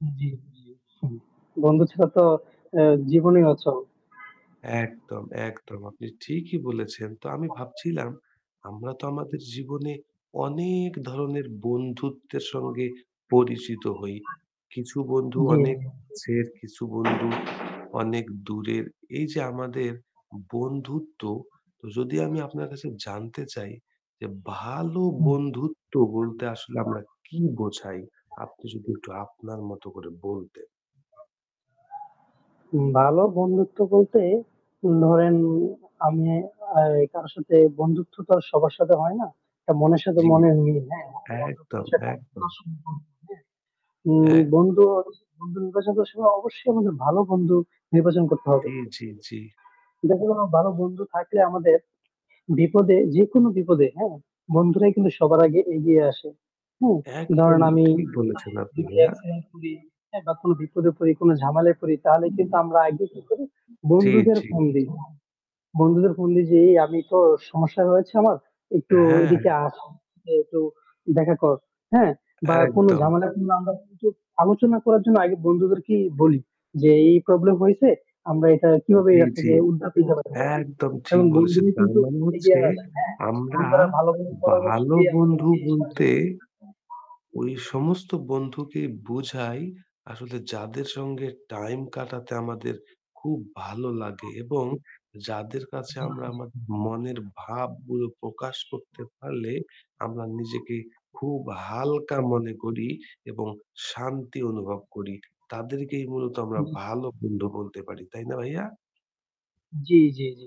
হুম জ্বি, জ্বি। হুম বন্ধু ছাড়া তো এ জীবনই অচল। একদম, একদম। আপনি ঠিকই বলেছেন। তো আমি ভাবছিলাম আমরা তো আমাদের জীবনে অনেক ধরনের বন্ধুত্বের সঙ্গে পরিচিত হই। কিছু বন্ধু জ্বি, অনেক জ্বি। যের কিছু বন্ধু আচ অনেক দূরের এই যে আমাদের বন্ধুত্ব যদি আমি আপনার কাছে জানতে চাই যে ভালো হুম। বন্ধুত্ব বলতে আসলে আমরা কি বোঝাই? আপনি যদি একটু আপনার মতো করে বলতেন। ভালো বন্ধুত্ব বলতে, ধরেন আমি আ কারো সাথে বন্ধুত্ব তো আর সবার সাথে হয় না। মনের সাথে জ্বি। মনের মিল, হ্যাঁ, বন্ধুত্ব একদম, হচ্ছে [unintelligible] একদম। সম্পর্ক, হুম এক বন্ধু বন্ধু নির্বাচন করার সময় অবশ্যই আমাদের ভালো বন্ধু নির্বাচন করতে হবে। জ্বি, জ্বি, জ্বি। দেখেন [unintelligible] ভালো বন্ধু থাকলে আমাদের বিপদে যেকোন বিপদে, হ্যাঁ, বন্ধুরাই কিন্তু সবার আগে এগিয়ে আসে। হুম, একদম ধরেন আমি ঠিক বলেছেন আপনি যদি ভাইয়া। accident করি, হ্যাঁ, বা কোন বিপদে পড়ি, কোন ঝামেলায় পড়ি তাহলে কিন্তু হুম। আমরা আগে কি করি? জ্বি, বন্ধুদের জ্বি। ফোন দি। বন্ধুদের ফোন দেই যে, "এই আমি তো সমস্যা হয়েছে আমার একটু হ্যাঁ। এদিকে আস। একটু দেখা কর।" হ্যাঁ বা কোন একদম। ঝামেলার কিংবা আমরা কিছু আলোচনা করার জন্য আগে বন্ধুদেরকে বলি যে, "এই problem হয়েছে, আমরা এটা কিভাবে এ জ্বি, জ্বি। থেকে উদ্ধার পেতে পারি?" একদম ঠিক এবং বলেছেন। বন্ধুই তার কিন্তু মানে এগিয়ে হচ্ছে আসে, হ্যাঁ, আমরা বন্ধুরা ভালো কোনো পরামর্শ ভালো দিয়ে বন্ধু আমাদেরকে সাহায্য বলতে করে। ওই সমস্ত বন্ধুকে বুঝাই আসলে যাদের সঙ্গে time কাটাতে আমাদের খুব ভালো লাগে এবং যাদের কাছে জ্বি, আমরা জ্বি। আমাদের মনের ভাবগুলো প্রকাশ করতে পারলে আমরা নিজেকে খুব হালকা মনে করি এবং শান্তি অনুভব করি, তাদেরকেই মূলত আমরা হুম। ভালো বন্ধু বলতে পারি। তাই না ভাইয়া? জ্বি, জ্বি, জ্বি।